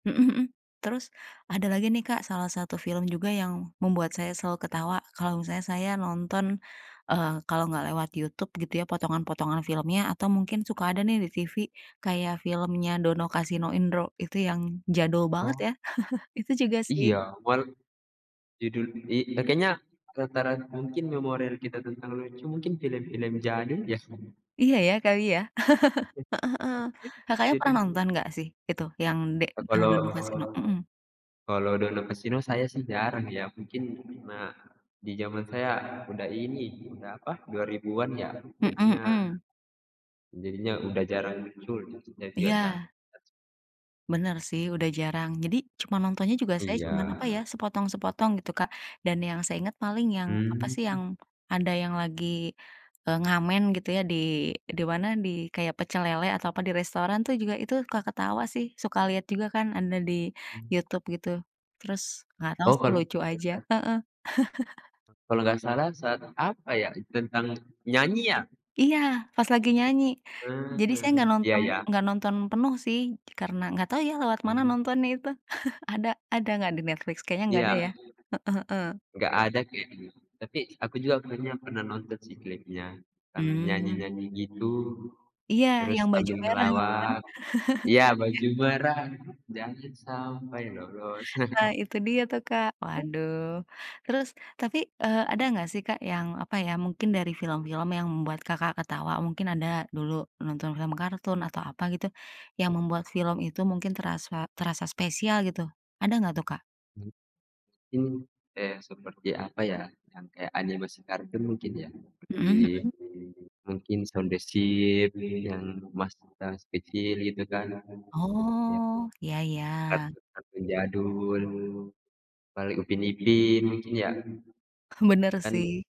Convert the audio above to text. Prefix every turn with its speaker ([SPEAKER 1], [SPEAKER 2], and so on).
[SPEAKER 1] Mhm mhm. Terus ada lagi nih, Kak, salah satu film juga yang membuat saya selalu ketawa kalau misalnya saya nonton, eee, kalau nggak lewat YouTube, gitu ya, potongan-potongan filmnya atau mungkin suka ada nih di TV, kayak filmnya Dono, Kasino, Indro, itu yang jadul banget,
[SPEAKER 2] Oh.
[SPEAKER 1] ya. Itu juga
[SPEAKER 2] Iya,
[SPEAKER 1] sih.
[SPEAKER 2] war judul i eee, kayaknya rata-rata mungkin memori kita tentang lucu mungkin film-film jadul nggak, sih?
[SPEAKER 1] Iya, ya, kali, ya. Heeh heeh. Kakaknya pernah
[SPEAKER 2] Jadi
[SPEAKER 1] nonton nggak sih, itu yang d
[SPEAKER 2] Eee,
[SPEAKER 1] eee,
[SPEAKER 2] kalau
[SPEAKER 1] Dono, Kasino? Mhm.
[SPEAKER 2] kalau Dono, Kasino saya sih jarang ya, mungkin karena di zaman saya udah ini, udah, apa, 2000-an ya,
[SPEAKER 1] Mhm
[SPEAKER 2] jadinya
[SPEAKER 1] mhm.
[SPEAKER 2] jadinya udah jarang muncul, YouTube-nya juga jarang
[SPEAKER 1] Iya.
[SPEAKER 2] banget.
[SPEAKER 1] Bener sih, udah jarang. Jadi cuma nontonnya juga, saya cuman,
[SPEAKER 2] Iya.
[SPEAKER 1] apa ya, sepotong-sepotong, gitu, Kak. Dan yang saya inget, paling yang, apa sih, yang
[SPEAKER 2] Hmm.
[SPEAKER 1] ada yang lagi, eee, ngamen, gitu ya, di di mana di kayak pecel lele atau, apa, di restoran tuh juga, itu suka ketawa sih. Suka lihat juga kan ada di
[SPEAKER 2] M
[SPEAKER 1] YouTube, gitu. Terus, nggak tahu
[SPEAKER 2] Oh,
[SPEAKER 1] sih
[SPEAKER 2] kalau
[SPEAKER 1] lucu aja.
[SPEAKER 2] [unintelligible]
[SPEAKER 1] Heeh.
[SPEAKER 2] Kalau nggak salah saat, apa ya, tentang nyanyi, ya?
[SPEAKER 1] Iya, pas lagi
[SPEAKER 2] Tapi
[SPEAKER 1] nyanyi.
[SPEAKER 2] mmm,
[SPEAKER 1] Jadi saya
[SPEAKER 2] mhm.
[SPEAKER 1] nggak
[SPEAKER 2] Iya
[SPEAKER 1] nonton
[SPEAKER 2] ya.
[SPEAKER 1] nggak nonton penuh sih, karena nggak tahu ya lewat mana
[SPEAKER 2] Mmm.
[SPEAKER 1] nontonnya itu. Ada ada nggak di Netflix? Kayaknya nggak
[SPEAKER 2] Iya.
[SPEAKER 1] ada, ya. Heeh heeh.
[SPEAKER 2] Nggak ada kayaknya. Tapi aku juga kayaknya pernah nonton sih klipnya tentang
[SPEAKER 1] Hmm.
[SPEAKER 2] nyanyi-nyanyi gitu,
[SPEAKER 1] Iya,
[SPEAKER 2] terus
[SPEAKER 1] yang baju
[SPEAKER 2] sambil
[SPEAKER 1] merah itu kan.
[SPEAKER 2] ngelawak. Iya,
[SPEAKER 1] Iya.
[SPEAKER 2] baju merah jangan sampai lolos.
[SPEAKER 1] Nah, itu dia tuh, Kak. Waduh. Terus tapi, eee, ada nggak sih, Kak, yang, apa ya, mungkin dari film-film yang membuat Kakak ketawa, mungkin ada dulu nonton film kartun atau apa gitu, yang membuat film itu mungkin terasa terasa spesial, gitu, ada nggak tuh, Kak?
[SPEAKER 2] [unintelligible] Mmm, eh, seperti, apa ya, yang kayak animasi kartun mungkin ya,
[SPEAKER 1] Mhm
[SPEAKER 2] di
[SPEAKER 1] mhm.
[SPEAKER 2] mungkin Shaun the Sheep yang pas kita masih kecil, gitu kan. Iya.
[SPEAKER 1] Oh. Iya iya.
[SPEAKER 2] Kartun-kartun jadul. Paling Upin Ipin mungkin, ya.
[SPEAKER 1] Bener
[SPEAKER 2] Kan
[SPEAKER 1] sih.